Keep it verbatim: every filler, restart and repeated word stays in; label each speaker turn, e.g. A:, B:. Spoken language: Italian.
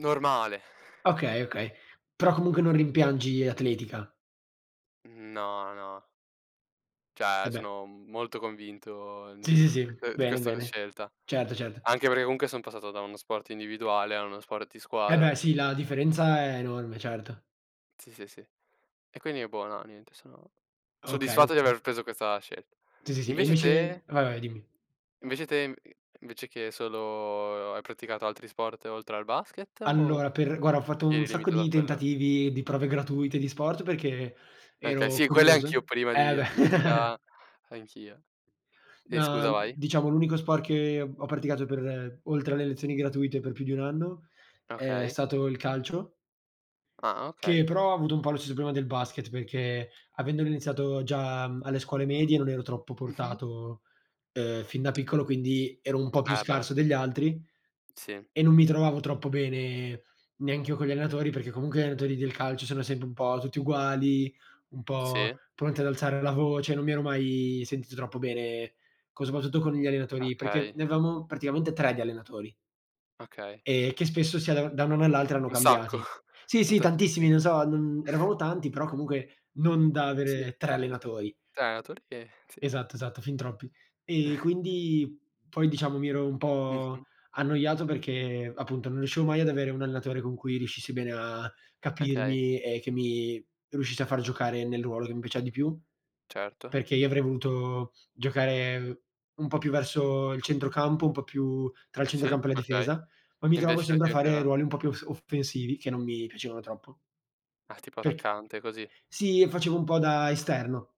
A: Normale, e
B: Okay, okay, però comunque non rimpiangi l'atletica.
A: No, no.
B: Eh,
A: Cioè,
B: beh.
A: sono molto convinto di
B: Sì,
A: q
B: sì,
A: q
B: sì,
A: uhm, di
B: bene,
A: questa
B: bene.
A: scelta.
B: Certo, certo.
A: Anche perché comunque sono passato da uno sport individuale a uno sport di
B: Eh,
A: squadra
B: beh sì, la differenza è enorme, certo.
A: Sì, sì, sì. E, quindi è buono, niente sono
B: Okay.
A: soddisfatto di
B: Mh.
A: aver preso questa scelt
B: Sì, sì, sì e
A: Invece
B: invece
A: te?
B: Vai, vai dimmi.
A: Invece te, i i invece che solo hai praticato altri sport oltre al basket o
B: Allora per guarda ho fatto
A: ti
B: un
A: eri
B: sacco
A: limitato a
B: di
A: quello?
B: tentativi, di prove gratuite di sport perché
A: Okay,
B: ero
A: sì, quelle
B: curios
A: anch'io prima
B: Eh,
A: di
B: beh.
A: atletica, anch'io. Ehm,
B: Ma,
A: scusa
B: mhmm,
A: vai.
B: diciamo, l'unico sport che ho praticato per oltre alle lezioni gratuite, per più di un anno, è
A: Okay.
B: stato il calcio
A: Ah,
B: che
A: okay.
B: però avuto un po' lo stesso problema del basket, perché avendolo iniziato già, mhmm, alle scuole medie, non ero troppo
A: Mh-mh.
B: portato, uhm, fin da piccolo. Quindi, ero un po' più
A: Ah, e beh.
B: scarso degli altri,
A: Sì.
B: e non mi
A: Mh.
B: trovavo troppo bene neanche io con gli allenatori, perché comunque gli allenatori del calcio sono sempre un po' tutti uguali, un po'
A: Sì.
B: pronti ad alzare la voce, non mi ero mai sentito troppo bene, co soprattutto con gli allenatori, perché
A: Okay.
B: ne avevamo praticamente tre di allenatori
A: Okay.
B: ehm, che spesso si ada da un anno all'altro
A: Urca,
B: hanno
A: un sacco,
B: cambiati. Sì,
A: son
B: sì, tantissimi,
A: tantissimi.
B: non so, non eravamo tanti, però comunque non da
A: Sì.
B: avere tre allenatori.
A: tre allenatori che Sì.
B: Esatto, esatto, fin troppi. E, quindi, poi, diciamo mi ero un po'
A: Mh-mh.
B: annoiato perché, appunto, non riuscivo mai ad avere un allenatore con cui riuscissi bene a
A: Okay.
B: capirmi, e che mi riuscisse a far giocare nel ruolo che mi piaceva di più,
A: Certo.
B: perché io avrei voluto giocare un po' più verso il centrocampo, un po' più tra il
A: Cioè, sì,
B: centrocampo e la
A: okay.
B: difesa, ma
A: E
B: mi trovavo
A: invece, non
B: sempre
A: ti
B: a fare
A: metteva?
B: ruoli un po' più s offensivi che non mi piacevano troppo.
A: Ah, tipo
B: Perc
A: attaccante, così.
B: Sì, io facevo un po' da esterno.